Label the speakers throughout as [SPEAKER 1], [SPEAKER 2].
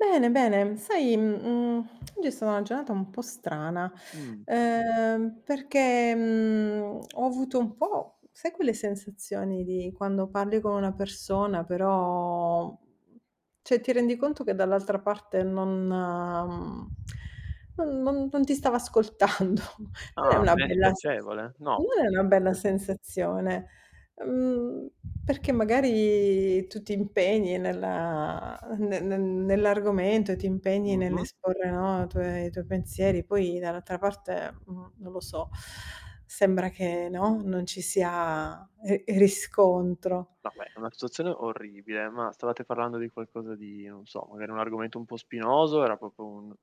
[SPEAKER 1] Bene, bene, mhmm, sai, mhmm, mhmm, oggi è stata una giornata un po' strana,
[SPEAKER 2] Mh.
[SPEAKER 1] ehm, perché, mhmm, ho avuto un po', sai, quelle sensazioni di quando parli con una persona però mhmm, cioè ti rendi conto che dall'altra parte non mhmm, non non non ti stava ascoltando, non è
[SPEAKER 2] Ah,
[SPEAKER 1] una
[SPEAKER 2] beh
[SPEAKER 1] bella s s
[SPEAKER 2] spiacevole. No, per
[SPEAKER 1] non è una bella
[SPEAKER 2] niente.
[SPEAKER 1] sensazione, mhmm, perché magari tu ti impegni nella ne ne nell'argomento, e ti impegni nell'
[SPEAKER 2] Mh-mh.
[SPEAKER 1] esporre, no, tue i tuoi pensieri, poi dall'altra parte, mhmm, non lo so, sembra che, no, non ci sia e e riscontro.
[SPEAKER 2] No, beh, è una situazione orribile, ma stavate parlando di qualcosa di non so, magari un argomento un po' spinoso, era proprio un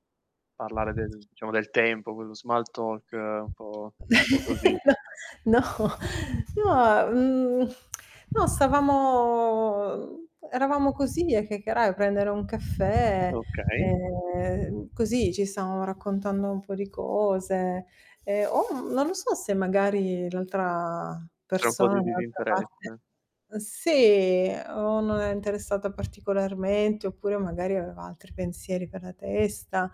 [SPEAKER 2] parlare del diciamo del tempo, quello small talk, un po' un po' così.
[SPEAKER 1] No, no, mah, mhmm, no, stavamo eravamo così a chiacchierare, a prendere un caffè,
[SPEAKER 2] Okay.
[SPEAKER 1] ehm, così ci stavamo raccontando un po' di cose ehm, o, mhmm, non lo so se magari l'altra
[SPEAKER 2] C'è un po'
[SPEAKER 1] persona,
[SPEAKER 2] di
[SPEAKER 1] dall'altra parte
[SPEAKER 2] disinteresse.
[SPEAKER 1] mhmm, sì o non è interessata particolarmente oppure magari aveva altri pensieri per la testa.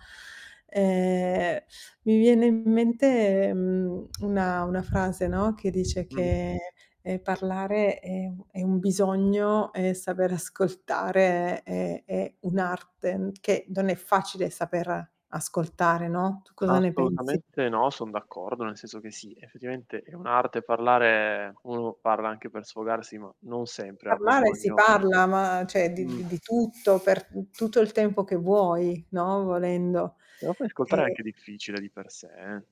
[SPEAKER 1] Ehm, mi viene in mente, mhmm, una una frase, no, che dice
[SPEAKER 2] Mh.
[SPEAKER 1] che, ehm, parlare è un è un bisogno e saper ascoltare è è un'arte, che non è facile saper ascoltare, no, tu cosa ne pensi?
[SPEAKER 2] Assolutamente no, son d'accordo, nel senso che sì, effettivamente è un'arte parlare uno parla anche per sfogarsi, ma non sempre ha
[SPEAKER 1] Parlare si
[SPEAKER 2] bisogno
[SPEAKER 1] parla, ma cioè di
[SPEAKER 2] Mh.
[SPEAKER 1] di tutto, per tu tutto il tempo che vuoi, no, volendo.
[SPEAKER 2] Ma poi ascoltare è
[SPEAKER 1] E
[SPEAKER 2] anche difficile di per sé, eh.